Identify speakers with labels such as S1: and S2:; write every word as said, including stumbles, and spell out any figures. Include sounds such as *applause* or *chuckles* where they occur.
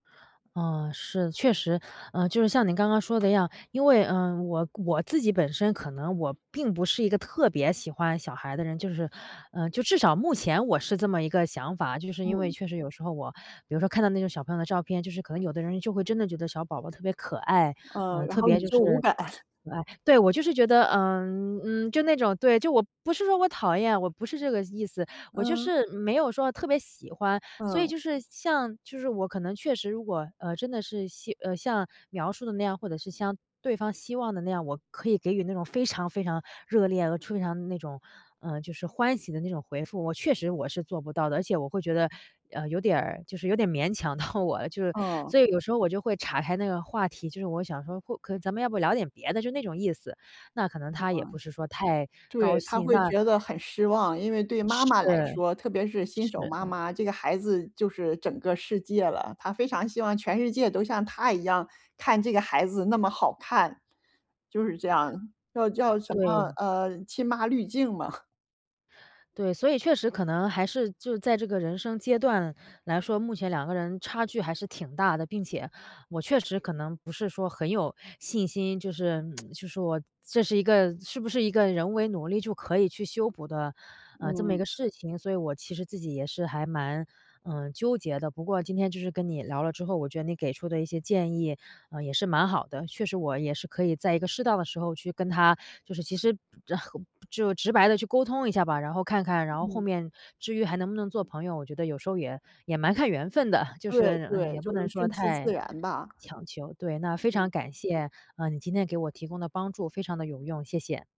S1: 啊，是，确实。呃，就是像您刚刚说的一样，因为，呃，我我自己本身可能我并不是一个特别喜欢小孩的人就是，呃，就至少目前我是这么一个想法。就是因为
S2: 嗯。
S1: 确实有时候我比如说看到那种小朋友的照片，就是可能有的人就会真的觉得小宝宝特别可爱，
S2: 嗯，
S1: 呃，
S2: 然
S1: 特
S2: 后你
S1: 别就
S2: 就
S1: 是，
S2: 无感。
S1: *smacks lips*
S2: *chuckles*
S1: 可爱。对，我就是觉得，呃，嗯，就那种对，就我不是说我讨厌，我不是这个意思，我就
S2: 嗯。
S1: 是没有说特别喜欢。所以
S2: 嗯。
S1: 就是像就是我可能确实如果，呃，真的是像呃，像描述的那样，或者是像对方希望的那样，我可以给予那种非常非常热烈、呃，非常那种就是，呃，欢喜的那种回复，我确实我是做不到的。而且我会觉得，呃，有点儿，就是有点勉强到我了，*chuckles*
S2: 嗯。
S1: 所以有时候我就会叉开那个话题，就是我想说或可咱们要不聊点别的，就那种意思，那可能
S2: 是
S1: 他
S2: 吗？
S1: 也不是说太高
S2: 对，她
S1: 兴，
S2: 会
S1: 那
S2: 觉得很失望，因为对妈
S1: 是。
S2: 妈来说，特别是新手
S1: 是。
S2: 妈妈，这个孩子就是整个世界了，她非常希望全世界都像她一样看这个孩子那么好看，就是这样，叫叫什么，
S1: 对。
S2: 呃，亲妈滤镜嘛。*chuckles*
S1: 对，所以确实可能还是就在这个人生阶段来说，目前两个人差距还是挺大的。并且我确实可能不是说很有信心，就是 *tsk* 就是我这是一个是不是一个人为努力就可以去修补的，呃，这么一
S2: 嗯。
S1: 个事情。所以我其实自己也是还蛮，嗯，纠结的。不过今天就是跟你聊了之后，我觉得你给出的一些建议，呃，也是蛮好的，确实我也是可以在一个适当的时候去跟他就是其实，然后，就直白地去沟通一下吧。然后看看然后后
S2: 嗯。
S1: 面至于还能不能做朋友，我觉得有时候也也蛮看缘分的，就
S2: 对，
S1: 是，嗯，
S2: 对，
S1: 也不
S2: 就是
S1: 能说
S2: 顺其自
S1: 太
S2: 然吧。
S1: 强求。对，那非常
S2: 嗯。
S1: 感谢，呃，你今天给我提供的帮助，非常地有用，谢谢。